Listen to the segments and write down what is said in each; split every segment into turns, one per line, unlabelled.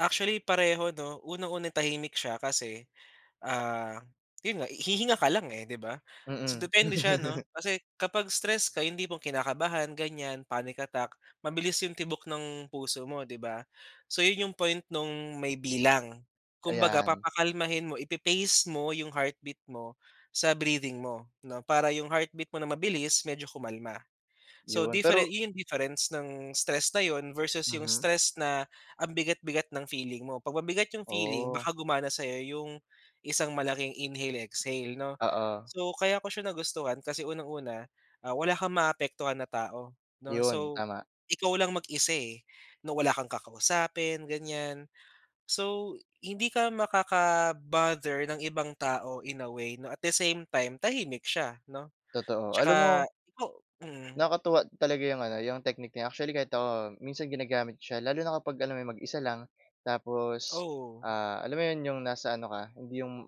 Actually, pareho, 'no, unang-una tahimik siya kasi, ah, 'yon nga hihinga ka lang, eh, di ba? So,
Mm.
depende siya, 'no, kasi kapag stress ka yung tipong kinakabahan ganiyan, panic attack, mabilis yung tibok ng puso mo, di ba? So, 'yon yung point nung may bilang kumbaga,
Ayan.
papakalmahin mo, ipa-pace mo yung heartbeat mo sa breathing mo, 'no, para yung heartbeat mo na mabilis medyo kumalma. So
'Yon
different
pero
'yon yung difference ng stress na 'yon versus yung
Mhm.
stress na ang bigat-bigat ng feeling mo. Pag mabigat yung feeling,
Oh.
baka gumana sayo yung isang malaking inhale exhale, 'no?
Oo.
So, kaya ko siya nagustuhan kasi unang-una, ah, wala kang maapektuhan na tao, 'no?
'Yon
So
tama.
ikaw lang mag-isa, eh, na wala kang kakausapin ganiyan, so hindi ka makaka-bother ng ibang tao in a way, 'no? At the same time tahimik siya, 'no,
Totoo, alam
tsaka
mo
o mm.
Nakakatuwa talaga yung ano, yung technique na yan actually kahit ako minsan ginagamit ko siya. Lalo na kapag alam mo yung mag-isa lang, tapos,
Oo.
ah, alam mo 'yon, yung nasa ano ka hindi yung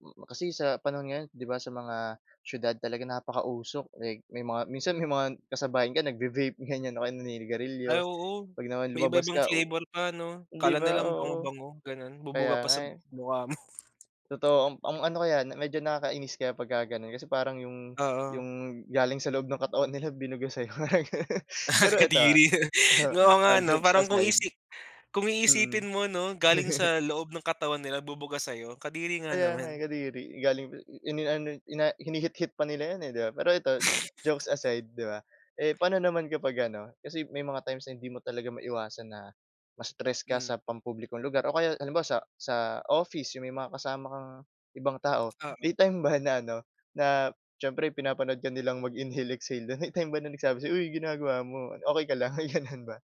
hmm, kasi sa panahon ngayon, 'di ba? Sa mga siyudad talaga napakausok, eh. May mga minsan may mga kasabayan ka nagvi-vape ganiyan o kaya
Ay
naninigarilyo.
oo,
Pag naman
may
lumabas
iba-ibang
ka u
flavor pa, 'no?
di
Akala nila
ba?
ang
Oo,
bango-bango gano'n,
kaya
bubuga pa
nga
sa
eh.
mukha mo.
Totoo amp ang ano kaya medyo nakakainis kaya pagka gano'n. Kasi parang yung,
Oo.
yung galing sa loob ng katawan nila binuga sayo, mga gano'n.
Ah,
Pero ito
kadiri
ah uh-huh,
oo nga,
ah,
'no?
jokes
Parang kung
aside,
isi kung
mm.
iisipin mo, 'no, galing sa loob ng katawan nila bubuga sayo. Kadiri nga
Kaya nga, eh,
naman.
kadiri, galing p ini-ano i-na hinihit-hit pa nila 'yon, eh, 'di ba? Pero ito jokes aside, 'di ba. Eh paano naman kapag ano, kasi may mga times na hindi mo talaga maiwasan na ma-stress ka
Hmm.
sa pampublikong lugar o kaya halimbawa sa sa office yung may mga kasama kang ibang tao.
Oo.
May time ba na ano na siyempre pinapanood ka nilang mag-inhale exhale do'n. May time ba na nagsabi sayo, "Uy ginagawa mo, okey ka lang?" May gano'n ba?